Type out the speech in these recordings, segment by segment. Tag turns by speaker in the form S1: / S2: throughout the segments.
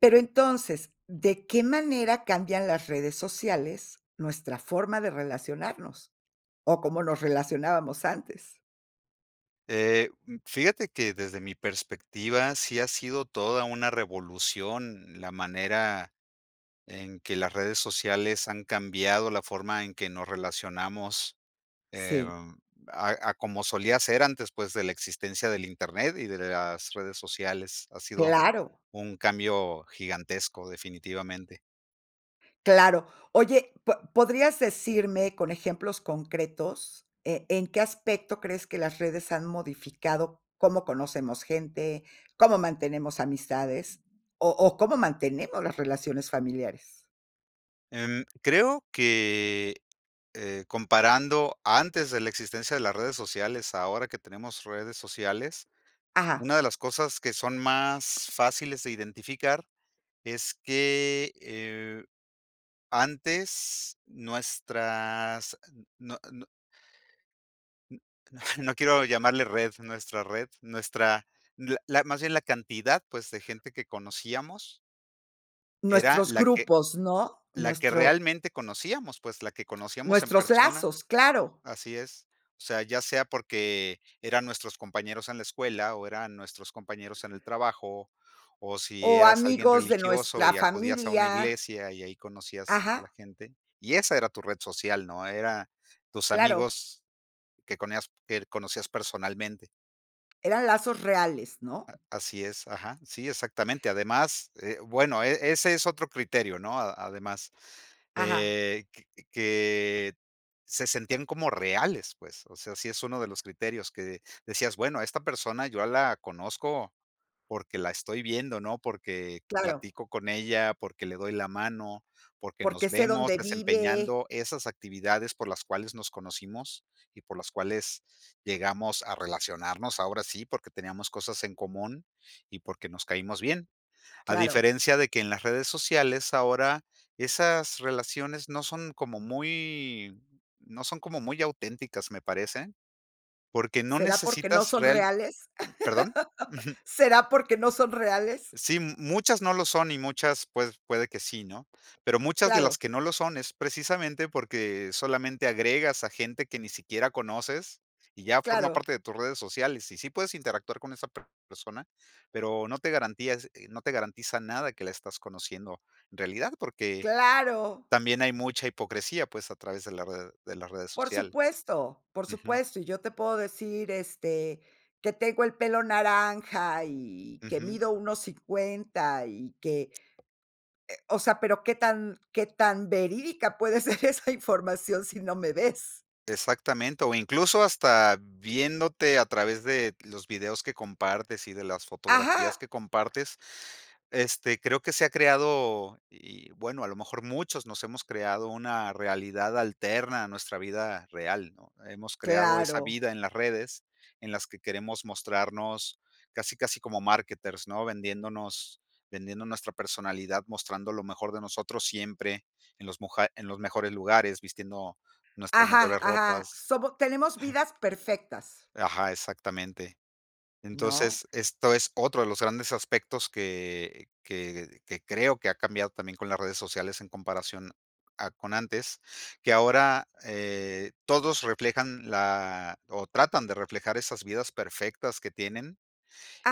S1: Pero entonces, ¿de qué manera cambian las redes sociales, nuestra forma de relacionarnos? ¿O, cómo nos relacionábamos antes?
S2: Eh, mm, fíjate que, desde mi perspectiva, sí ha sido toda una revolución la manera en que las redes sociales han cambiado la forma en que nos relacionamos,
S1: Sí.
S2: em, a a como solía ser antes, pues, de la existencia del Internet y de la las redes sociales. Ha sido
S1: Claro.
S2: un cambio gigantesco definitivamente.
S1: Claro. Oye, ¿po podrías decirme con ejemplos concretos, eh, en qué aspecto crees que las redes han modificado? ¿Cómo conocemos gente, cómo mantenemos amistades, o o, cómo mantenemos las relaciones familiares?
S2: Em, creo que, eh, comparando antes de la existencia de las redes sociales, ahora que tenemos redes sociales,
S1: Ajá.
S2: una de las cosas que son más fáciles de identificar es que, eh, antes nuestras no no. N no quiero llamarle red, nuestra red nuestra la la más bien la cantidad, pues, de gente que conocíamos. Era
S1: Nuestros
S2: la que
S1: grupos, ¿no?,
S2: la que
S1: nuestro
S2: realmente conocíamos, pues, la que conocíamos en
S1: Nuestro
S2: persona
S1: lazos, claro.
S2: así es, o sea, ya sea porque, eran nuestros compañeros en la escuela, o, eran nuestros compañeros en el trabajo, o si
S1: O
S2: eras alguien
S1: amigos de
S2: religioso
S1: nuestra
S2: y acudías a una
S1: familia.
S2: iglesia, y ahí conocías a la
S1: Ajá.
S2: gente. Y esa era tu red social, ¿no? Era tus
S1: Claro.
S2: amigos que con ellas er conocías personalmente.
S1: Eran lazos reales, ¿no?
S2: Ah, así es, ajá. Sí, exactamente. Además, eh, bueno, eh, ese es otro criterio, ¿no? Ah, además,
S1: Ajá.
S2: eh, que, eh, se sentían como reales, pues. O sea, sí es uno de los criterios que decías, bueno, a esta persona yo la conozco, porque, la estoy viendo, ¿no? Porque,
S1: Claro.
S2: platico con ella, porque le doy la mano, porque, nos
S1: Porque, sé
S2: vemos
S1: dónde vive.
S2: desempeñando esas actividades por las cuales nos conocimos y por las cuales llegamos a relacionarnos, ahora sí porque, teníamos cosas en común y porque nos caímos bien. A
S1: Claro.
S2: diferencia de que en las redes sociales ahora, esas relaciones no son como muy no son como muy auténticas me parece, porque, no
S1: ¿Será, porque, no
S2: necesitas
S1: son
S2: real
S1: reales?
S2: mm, ¿perdón? Ujú.
S1: ¿Será, porque, no son reales?
S2: Sí, muchas no lo son y muchas, pued puede que sí, ¿no? Pero, muchas de
S1: Claro.
S2: las que no lo son, es precisamente porque, solamente agregas a gente que ni siquiera conoces y ya forma
S1: Claro.
S2: parte de tus redes sociales. Y sí puedes interactuar con esa persona, pero, no te garantías, eh, no te garantiza nada de que la estás conociendo en realidad, porque,
S1: Claro.
S2: también hay mucha hipocresía, pues, a través de la red de las redes
S1: Por
S2: social.
S1: supuesto, por
S2: Ujú.
S1: supuesto. Y yo te puedo decir, este, que tengo el pelo naranja y que
S2: Ujú.
S1: mido 1.50 y que, eh, o sea, pero, ¿qué tan qué tan verídica puede ser esa información si no me ves?
S2: Exactamente. O incluso hasta viéndote a través de los videos que compartes y de las fotografías
S1: Ajá.
S2: que compartes, este, creo que se ha creado, y, bueno, a lo mejor muchos nos hemos creado una realidad alterna a nuestra vida real, ¿no? Hemos creado esa
S1: Claro.
S2: vida en las redes en las que queremos mostrarnos casi, casi como marketers, ¿no? Vendiéndonos, vendiendo nuestra personalidad, mostrando lo mejor de nosotros siempre en los muja en los mejores lugares, vistiendo nuestras
S1: Ajá,
S2: mejores
S1: ajá,
S2: ropas.
S1: somo tenemos vidas perfectas.
S2: Ajá, exactamente.
S1: ¿No?
S2: Entonces, esto es otro de los grandes aspectos que que que creo que ha cambiado también con las redes sociales en comparación a con antes. Que ahora, eh, todos reflejan la o tratan de reflejar esas vidas perfectas que tienen,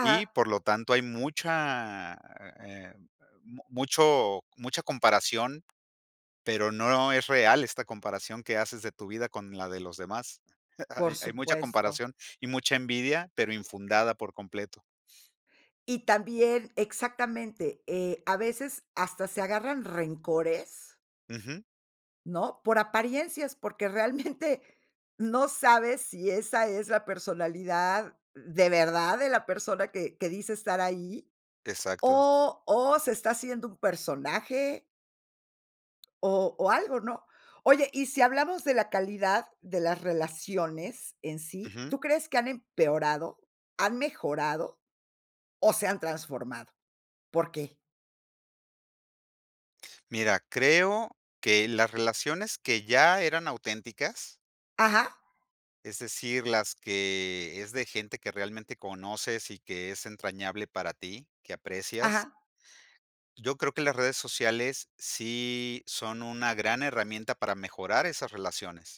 S2: y por lo tanto hay mucha, eh, mu mucho mucha comparación, pero no es real esta comparación que haces de tu vida con la de los demás.
S1: Por
S2: Hay mucha
S1: supuesto.
S2: comparación y mucha envidia, pero infundada por completo.
S1: Y también exactamente, eh, a veces hasta se agarran rencores.
S2: Ujú.
S1: ¿No? Por apariencias, porque realmente no sabes si esa es la personalidad de verdad de la persona que que dice estar ahí,
S2: Exacto.
S1: o o se está haciendo un personaje. O o algo, ¿no? Oye, y si hablamos de la calidad de las relaciones en sí,
S2: Ujú.
S1: ¿tú crees que han empeorado, han mejorado o se han transformado? ¿Por qué?
S2: Mira, creo que las relaciones que ya eran auténticas.
S1: Ajá.
S2: Es decir, las que es de gente que realmente conoces y que es entrañable para ti, que aprecias.
S1: Ajá.
S2: Yo creo que las redes sociales sí son una gran herramienta para mejorar esas relaciones,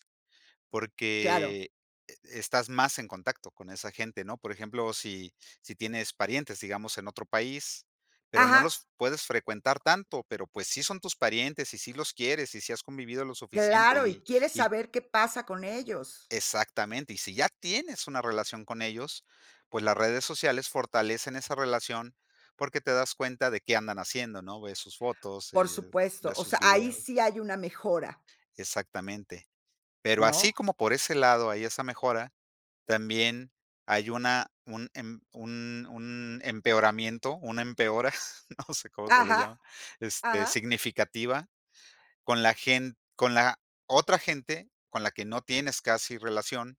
S1: Claro.
S2: porque e estás más en contacto con esa gente, ¿no? Por ejemplo, si si tienes parientes, digamos, en otro país, pero no
S1: Ajá.
S2: los puedes frecuentar tanto, pero pues sí son tus parientes y sí los quieres y sí has convivido lo suficiente
S1: Claro, y
S2: y
S1: quieres
S2: y.
S1: saber qué pasa con ellos.
S2: Exactamente, y si ya tienes una relación con ellos, pues las redes sociales fortalecen esa relación porque te das cuenta de qué andan haciendo, ¿no? Ves sus fotos,
S1: Por
S2: eh,
S1: supuesto,
S2: ves
S1: o
S2: sus
S1: sea, ahí
S2: videos.
S1: sí hay una mejora.
S2: Exactamente, pero así
S1: ¿No?
S2: como por ese lado hay esa mejora, también hay una un em un un empeoramiento, una empeora, no sé cómo se le
S1: Ajá,
S2: llama, este,
S1: ajá.
S2: significativa con la gen con la otra gente con la que no tienes casi relación,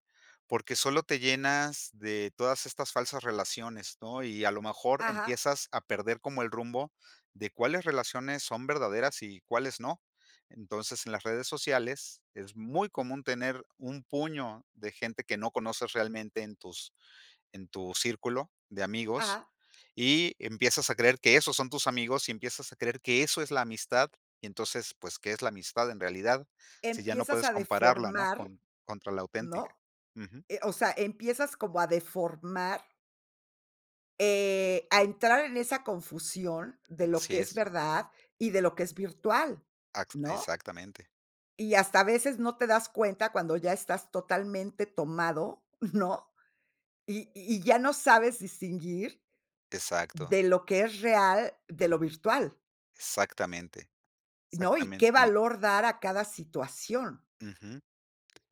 S2: porque solo te llenas de todas estas falsas relaciones, ¿no? Y a lo mejor
S1: Ajá.
S2: empiezas a perder como el rumbo de cuáles relaciones son verdaderas y cuáles no. Entonces, en las redes sociales, es muy común tener un puño de gente que no conoces realmente en tus en tu círculo de amigos.
S1: Ajá.
S2: Y empiezas a creer que esos son tus amigos y empiezas a creer que eso es la amistad. Entonces, pues, ¿qué es la amistad en realidad? Sí, ya no
S1: Empiezas
S2: puedes
S1: a
S2: compararla, ¿no?
S1: deformar,
S2: Con contra la auténtica.
S1: ¿no?
S2: Ujú.
S1: Eh, o sea, empiezas como a deformar. Eh, a entrar en esa confusión de lo que
S2: Así
S1: es
S2: es.
S1: verdad y de lo que es virtual,
S2: Acx
S1: ¿no?
S2: exactamente.
S1: Y hasta a veces no te das cuenta cuando ya estás totalmente tomado, ¿no? Y y ya no sabes distinguir
S2: Exacto.
S1: de lo que es real, de lo virtual.
S2: Exactamente.
S1: ¿No? Y
S2: Exactamente,
S1: qué
S2: y
S1: valor dar a cada situación.
S2: Ujú.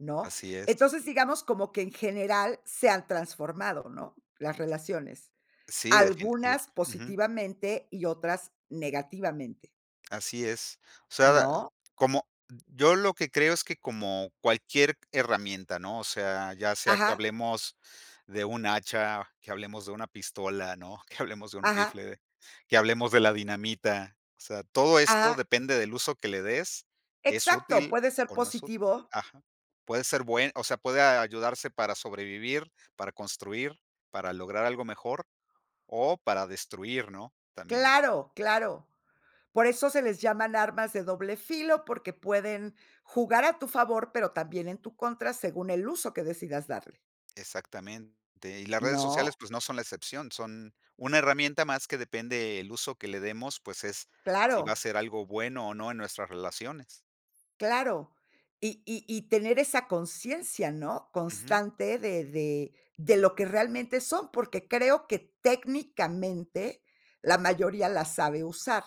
S1: ¿No?
S2: Así es.
S1: Entonces, digamos, como que en general se han transformado, ¿no? Las relaciones.
S2: S sí, definitiva
S1: Algunas
S2: Ujú.
S1: positivamente y otras negativamente.
S2: Así es. O sea, dal
S1: ¿No?
S2: como yo lo que creo es que como cualquier herramienta, ¿no? O sea, ya sea que
S1: Ajá.
S2: hablemos de un hacha, que hablemos de una pistola, ¿no? Que hablemos de un
S1: Ajá.
S2: rifle, que hablemos de la dinamita. O sea, todo esto
S1: Ajá.
S2: depende del uso que le des. ¿Es
S1: Exacto,
S2: útil
S1: puede ser
S2: o no es útil?
S1: positivo.
S2: Ajá. Puede ser buen o sea, puede a ayudarse para sobrevivir, para construir, para lograr algo mejor o para destruir, ¿no? También.
S1: Claro, claro. Por eso se les llaman armas de doble filo, porque pueden jugar a tu favor, pero también en tu contra según el uso que decidas darle.
S2: Exactamente. Y las redes sociales,
S1: ¿No?
S2: pues, no son la excepción. Son una herramienta más que depende el uso que le demos, pues es si va a
S1: Claro.
S2: ser algo bueno o no en nuestras relaciones.
S1: Claro. Y y y tener esa consciencia, ¿no?
S2: Ujú.
S1: Constante de de de lo que realmente son, porque creo que técnicamente la mayoría la sabe usar.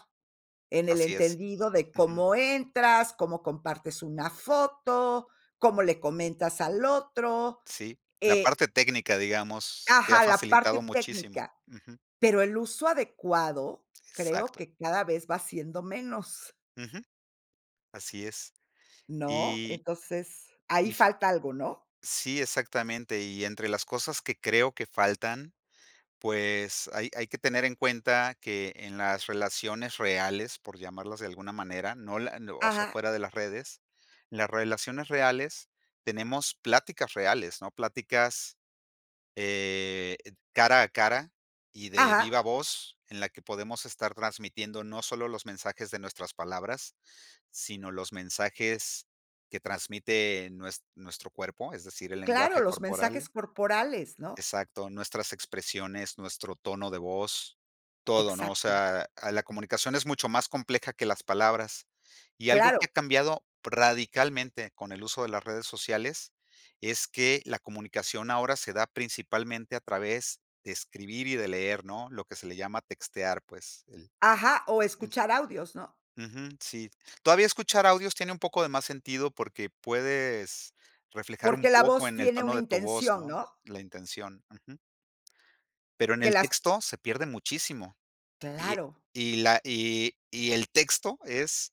S1: En el
S2: Así es.
S1: entendido de
S2: Ujú.
S1: cómo entras, cómo compartes una foto, cómo le comentas al otro.
S2: Sí, la
S1: Eh
S2: parte técnica, digamos, te ha
S1: Ajá, la parte
S2: facilitado muchísimo.
S1: técnica,
S2: Ujú.
S1: pero el uso adecuado creo
S2: Exacto.
S1: que cada vez va siendo menos.
S2: Ujú. Así es.
S1: ¿No?
S2: Y
S1: Entonces ahí
S2: If
S1: falta algo, ¿no?
S2: Sí, exactamente, y entre las cosas que creo que faltan, pues, hay hay que tener en cuenta que en las relaciones reales, por llamarlas de alguna manera, no la no o sea,
S1: Ajá.
S2: fuera de las redes, las relaciones reales tenemos pláticas reales, ¿no? Pláticas, eh, ed cara a cara y de
S1: Ajá.
S2: viva voz en la que podemos estar transmitiendo no solo los mensajes de nuestras palabras, sino los mensajes que transmite nues nuestro cuerpo, es decir, el
S1: Claro,
S2: lenguaje
S1: los
S2: corporal.
S1: mensajes corporales, ¿no?
S2: Exacto, nuestras expresiones, nuestro tono de voz, todo, ¿no? O
S1: Exacto.
S2: sea, a la comunicación es mucho más compleja que las palabras. Y algo que ha
S1: Claro.
S2: cambiado radicalmente con el uso de las redes sociales es que la comunicación ahora se da principalmente a través de escribir y de leer, ¿no? Lo que se le llama textear, pues, el
S1: Ajá, o
S2: el
S1: escuchar audios, ¿no?
S2: Ujú, sí. Todavía escuchar audios tiene un poco de más sentido porque puedes reflejar un
S1: Porque la
S2: poco
S1: voz
S2: en el
S1: tiene
S2: tono
S1: una
S2: de tu voz,
S1: intención,
S2: ¿no?
S1: ¿no?
S2: La intención. Ujú. Pero en
S1: Que
S2: el
S1: las
S2: texto se pierde muchísimo. Y
S1: Claro.
S2: y la y y el texto es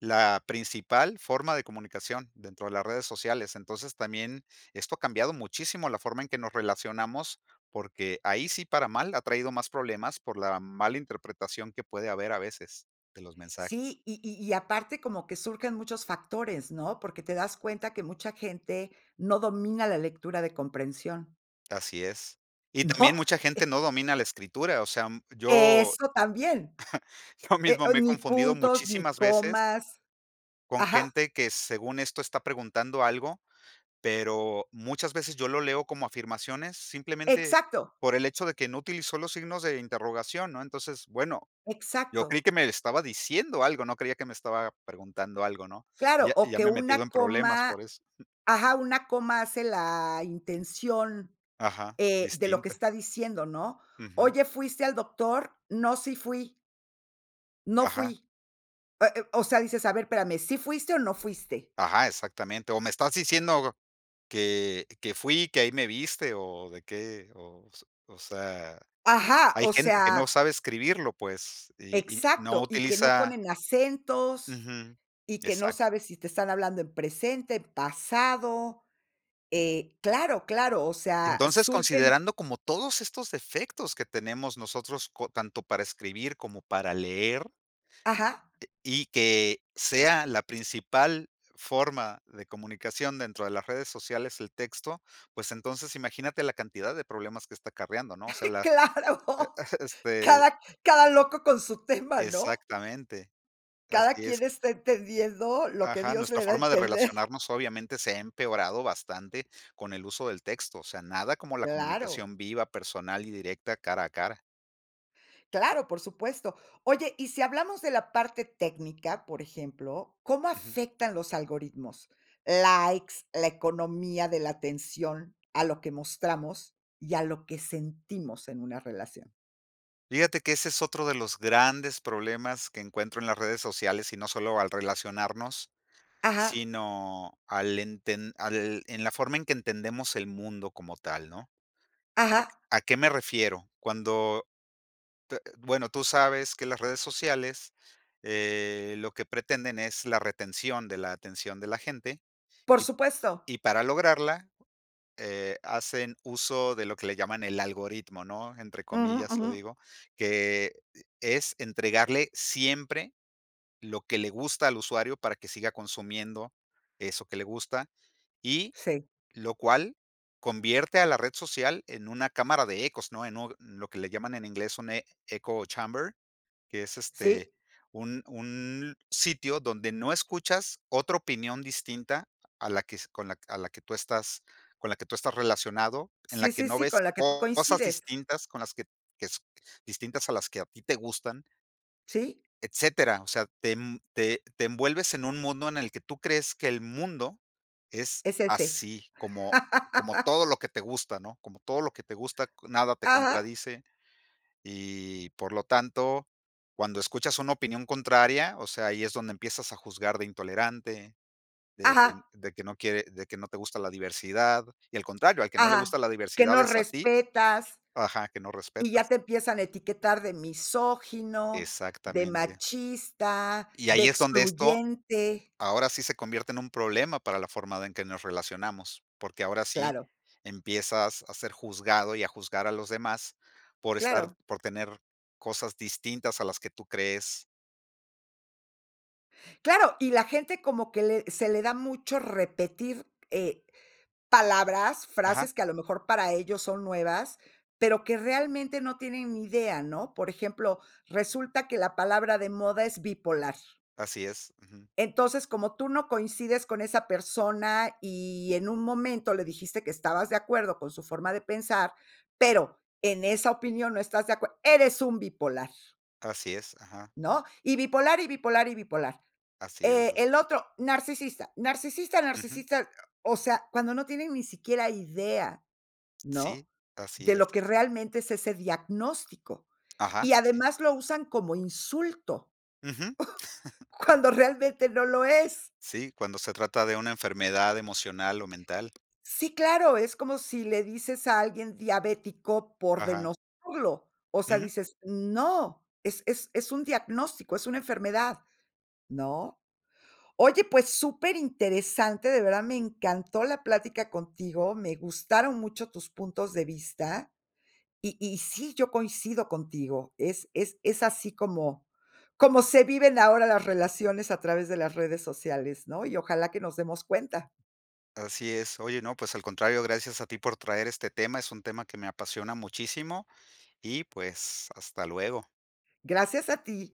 S2: la principal forma de comunicación dentro de las redes sociales. Entonces, también, esto ha cambiado muchísimo la forma en que nos relacionamos, porque ahí sí, para mal, ha traído más problemas por la mala interpretación que puede haber a veces de los mensajes.
S1: Sí, y y y aparte como que surgen muchos factores, ¿no? Porque te das cuenta que mucha gente no domina la lectura de comprensión.
S2: Así es, y
S1: ¿No?
S2: también mucha gente
S1: Eh
S2: no domina la escritura. O sea, yo
S1: Eso también.
S2: yo
S1: Eh,
S2: mismo
S1: o
S2: me he
S1: ni
S2: confundido
S1: puntos, ni
S2: muchísimas veces
S1: comas.
S2: con
S1: Ajá.
S2: gente que según esto está preguntando algo, pero, muchas veces yo lo leo como afirmaciones simplemente
S1: Exacto.
S2: por el hecho de que no utilizó los signos de interrogación, ¿no? Entonces, bueno yo creí
S1: Exacto.
S2: que me estaba diciendo algo no creía que me estaba preguntando algo, ¿no? Y
S1: Claro,
S2: ya y
S1: o
S2: ya
S1: que
S2: me he metido
S1: una
S2: en problemas
S1: coma,
S2: por eso.
S1: ajá, una coma hace la intención,
S2: Ajá.
S1: eh, de lo que
S2: Distinta.
S1: está diciendo, ¿no?
S2: Ujú.
S1: Oye, ¿fuiste al doctor? No, sí fui no
S2: Ajá.
S1: fui. Eh eh, o sea, dices, a ver, espérame, ¿sí fuiste o no fuiste?
S2: Ajá, Exactamente. O me estás diciendo, go que que fui, que ahí me viste, o de qué, o s o sea,
S1: Ajá,
S2: hay
S1: o
S2: gente que no
S1: sea
S2: sabe escribirlo, pues. Y y no
S1: Exacto, y que no
S2: utiliza
S1: ponen acentos,
S2: Ujú.
S1: y que no
S2: Exacto.
S1: sabes si te están hablando en presente, en pasado, eh, claro, claro, o sea,
S2: Entonces,
S1: surgen
S2: considerando como todos estos defectos que tenemos nosotros, co tanto para escribir, como para leer
S1: Ajá.
S2: eh, y que sea la principal forma de comunicación dentro de las redes sociales, el texto, pues, entonces imagínate la cantidad de problemas que está acarreando, ¿no? O sea, las,
S1: Claro,
S2: este, el
S1: cada cada loco con su tema, ¿no?
S2: exactamente.
S1: Cada
S2: Así es.
S1: quien está entendiendo, lo que
S2: Ajá,
S1: Dios
S2: nuestra
S1: le da a
S2: forma de
S1: entender.
S2: relacionarnos, obviamente se ha empeorado bastante con el uso del texto. O sea, nada como la
S1: Claro.
S2: comunicación viva, personal y directa, cara a cara.
S1: Claro, por supuesto. Oye, y si hablamos de la parte técnica, por ejemplo, ¿cómo
S2: Ujú.
S1: afectan los algoritmos? Likes, la economía de la atención a lo que mostramos y a lo que sentimos en una relación.
S2: Fíjate que ese es otro de los grandes problemas que encuentro en las redes sociales. Y no solo al relacionarnos,
S1: Ajá.
S2: sino al enten al en la forma en que entendemos el mundo como tal, ¿no?
S1: Ajá.
S2: ¿A qué a qué me refiero? Cuando, te bueno, tú sabes que las redes sociales, eh, lo que pretenden es la retención de la atención de la gente,
S1: Por
S2: y
S1: supuesto.
S2: y para lograrla, eh, hacen uso de lo que le llaman el algoritmo, ¿no? Entre
S1: Ujú,
S2: comillas lo
S1: ujú.
S2: digo, que, eh, es entregarle siempre lo que le gusta al usuario, para que siga consumiendo eso que le gusta, y
S1: Sí.
S2: lo cual convierte a la red social en una cámara de ecos, ¿no? En u lo que le llaman en inglés un e eco chamber, que es, este,
S1: Sí.
S2: un un sitio donde no escuchas otra opinión distinta a la que s con la a la que tú estás con la que tú estás relacionado, en la
S1: Sí,
S2: que
S1: sí,
S2: no
S1: sí, con
S2: ves
S1: la que tú
S2: cosas
S1: coincides.
S2: distintas con las que que distintas, a las que a ti te gustan
S1: Sí.
S2: etcétera. O sea, te, em, te te envuelves en un mundo en el que tú crees que el mundo es
S1: Es ese.
S2: así como como todo lo que te gusta, ¿no? Como todo lo que te gusta, nada te
S1: Ajá.
S2: contradice. Y, por lo tanto, cuando escuchas una opinión contraria, o sea, ahí es donde empiezas a juzgar de intolerante, de que
S1: Ajá.
S2: de que no quie de que no te gusta la diversidad. Y, al contrario, al que no le
S1: Ajá,
S2: gusta la
S1: que
S2: diversidad
S1: no
S2: es a ti
S1: respetas
S2: Ajá, que no
S1: y ya
S2: respetas.
S1: te empiezan a etiquetar de misógino, de
S2: Exactamente.
S1: machista,
S2: Y
S1: de
S2: ahí es donde esto,
S1: excluyente.
S2: ahora sí se convierte en un problema para la forma en que nos relacionamos. Porque, ahora sí
S1: Claro.
S2: empiezas a ser juzgado, y a juzgar a los demás por estar
S1: Claro.
S2: por tener cosas distintas a las que tú crees.
S1: Claro, y la gente como que le se le da mucho repetir, eh, palabras,
S2: Ajá.
S1: frases que a lo mejor para ellos son nuevas, pero, que realmente no tienen ni idea, ¿no? Por ejemplo, resulta que la palabra de moda es bipolar.
S2: Así es. Ujú.
S1: Entonces, como tú no coincides con esa persona y en un momento le dijiste que estabas de acuerdo con su forma de pensar, pero, en esa opinión no estás de acuerd eres un bipolar.
S2: Así es, ajá.
S1: ¿No? Y bipolar, y bipolar, y bipolar.
S2: Así es.
S1: Eh, el otro, narcisista, narcisista,
S2: Ujú.
S1: narcisista. O sea, cuando no tienen ni siquiera idea, ¿no?,
S2: Sí, así
S1: de
S2: es.
S1: lo que realmente es ese diagnóstico.
S2: Ajá,
S1: Y
S2: sí.
S1: además lo usan como insulto,
S2: Ujú.
S1: cuando realmente no lo es.
S2: Sí, cuando se trata de una enfermedad emocional o mental.
S1: Sí, claro, es como si le dices a alguien diabético por
S2: Ajá.
S1: denostarlo, o sea,
S2: Ujú.
S1: dices, no, es es es un diagnóstico, es una enfermedad, ¿no? Oye, pues, superinteresante, de verdad me encantó la plática contigo, me gustaron mucho tus puntos de vista, y y sí, yo coincido contigo. Es es es así como como se viven ahora las relaciones a través de las redes sociales, ¿no? Y ojalá que nos demos cuenta.
S2: Así es. Oye, no, pues al contrario, gracias a ti por traer este tema. Es un tema que me apasiona muchísimo, y pues, hasta luego.
S1: Gracias a ti.